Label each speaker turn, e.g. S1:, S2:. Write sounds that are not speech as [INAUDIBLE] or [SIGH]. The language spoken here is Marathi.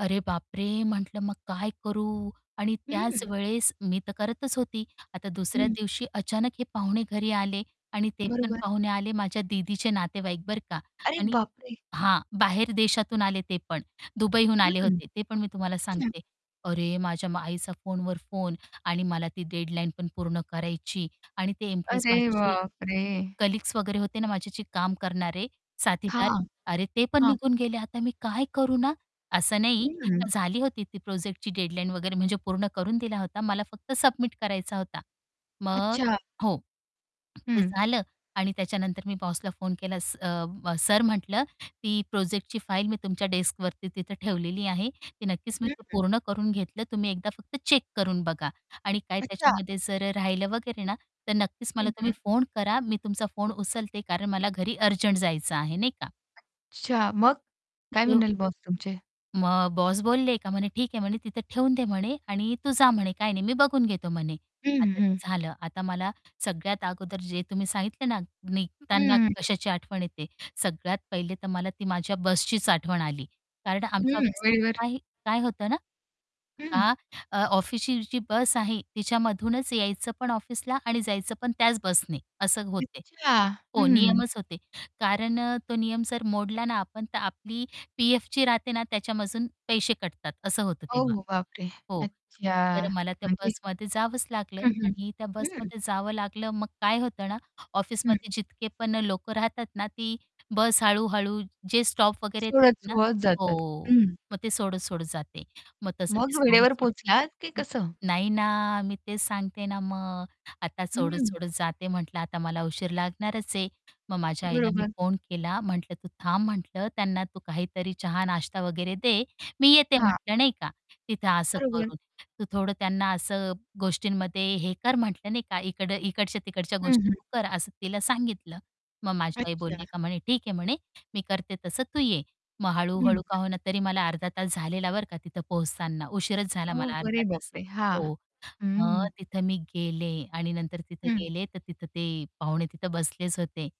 S1: अरे बापरे! म्हटलं मग काय करू आणि त्याच
S2: हं.
S1: वेळेस मी तर करतच होती. आता दुसऱ्या
S2: हं.
S1: दिवशी अचानक हे पाहुणे घरी आले आणि ते पण
S2: बरोबर.
S1: पाहुणे आले माझ्या दीदीचे नातेवाईक बरं का.
S2: अरे
S1: आणि
S2: बापरे!
S1: हां. बाहेर देशातून आले ते पण दुबईहून आले
S2: हं.
S1: होते, ते पण मी तुम्हाला
S2: अच्छा.
S1: सांगते. अरे! माझ्या आईचा फोनवर फोन आणि मला ती डेडलाईन पण पूर्ण करायची आणि ते इम्प्रेस
S2: अरे
S1: माझे जे
S2: बापरे!
S1: कलीग्स वगैरे होते ना माझ्याशी काम करणारे साथीदार.
S2: हां,
S1: अरे ते पण
S2: हां.
S1: निघून गेले आता मी काय करू ना? असं नाही
S2: हं.
S1: तर झाली होती ती प्रोजेक्टची डेडलाईन वगैरे म्हणजे पूर्ण करून दिला होता मला फक्त सबमिट करायचा होता. मग
S2: अच्छा.
S1: हो. ते
S2: हं.
S1: झालं आणि त्याच्यानंतर मी बॉसला फोन केला स अ, सर म्हटलं ती प्रोजेक्टची फाइल मी तुमच्या डेस्कवरती तिथं ठेवलेली आहे ती नक्कीच मी
S2: हं,
S1: ते
S2: हं.
S1: पूर्ण करून घेतलं तुम्ही एकदा फक्त चेक करून बघा आणि काय
S2: अच्छा.
S1: त्याच्यामध्ये जर राहिलं वगैरे ना तर नक्कीच मला
S2: हं,
S1: तुम्ही
S2: हं.
S1: फोन करा मी तुमचा फोन उचलते कारण मला घरी अर्जंट जायचं आहे नाही का.
S2: अच्छा मग? काय
S1: [UNINTELLIGIBLE]
S2: म्हणाले बॉस तुमचे?
S1: मग बॉस बोलले का म्हणे ठीक आहे म्हणे, तिथे ठेवून दे म्हणे आणि तू जा म्हणे काही नाही मी बघून घेतो म्हणे.
S2: हं,
S1: आता
S2: हं,
S1: ते
S2: हं.
S1: झालं. आता मला सगळ्यात अगोदर जे तुम्ही सांगितले ना निघताना
S2: हं.
S1: कशाची आठवण येते, सगळ्यात पहिले तर मला ती माझ्या बसचीचं आठवण आली कारण आमच्या
S2: हं.
S1: ऑफिसमध्ये
S2: वेळेवर
S1: काही काय होतं ना.
S2: हं.
S1: आ, अ, ऑफिसची जी बस आहे तिच्यामधूनच यायचं पण ऑफिसला आणि जायचं पण त्याच बसने असं होते.
S2: अच्छा.
S1: हो
S2: हं.
S1: नियमच होते. कारण तो नियम जर मोडला ना आपण तर आपली पी-एफ जी राहते ना त्याच्यामधून पैसे कटतात असं होतं तेव्हा.
S2: ओहो! बापरे!
S1: हो,
S2: अच्छा.
S1: तर मला त्या
S2: अरे!
S1: बसमध्ये जावंच लागलं
S2: हं, हं.
S1: आणि त्या
S2: हं.
S1: बसमध्ये जावं लागलं मग काय होतं ना?
S2: हं.
S1: ऑफिसमध्ये जितके पण लोकं राहतात ना ती बस हळू-हळू जे स्टॉप वगैरे येतात ना
S2: सोडत-सोडत जातात.
S1: हो,
S2: हं.
S1: मग ते सोडत-सोडत जाते मग तसं ते
S2: मग
S1: सोडून,
S2: वेळेवर
S1: सोडून
S2: पोहचलात की
S1: हं.
S2: कसं?
S1: नाही ना मी तेच सांगते ना मग आता
S2: हं.
S1: सोडत-सोडत जाते म्हंटलं आता मला उशीर लागणारच आहे. मग माझ्या आईला मी
S2: बरोबर.
S1: फोन केला म्हटलं तू थांब म्हटलं त्यांना तू काहीतरी चहा नाश्ता वगैरे दे, मी येते
S2: हां.
S1: म्हंटलं नाही का. तिथं असं
S2: बरोबर.
S1: करून तू थोडं त्यांना असं गोष्टींमध्ये हे कर म्हटलं नाही का इकडं इकडच्या-तिकडच्या
S2: हं,
S1: गोष्टी
S2: हं.
S1: तू कर असं तिला सांगितलं. मग माझी आई बोलली
S2: अच्छा.
S1: का म्हणे ठीक आहे म्हणे मी करते तसं तू ये. मग
S2: हं, हं.
S1: हळू-हळू का हो ना तरी मला अर्धा तास झालेला बरं का तिथं पोहोचताना उशीरच झाला मला
S2: ओह!
S1: अर्धा
S2: अरे बाप
S1: तास.
S2: रे! हां.
S1: हो,
S2: हं,
S1: मग
S2: हं.
S1: तिथं मी गेले आणि नंतर तिथं
S2: हं.
S1: गेले तर तिथं ते पाहुणे तिथं बसलेच होते.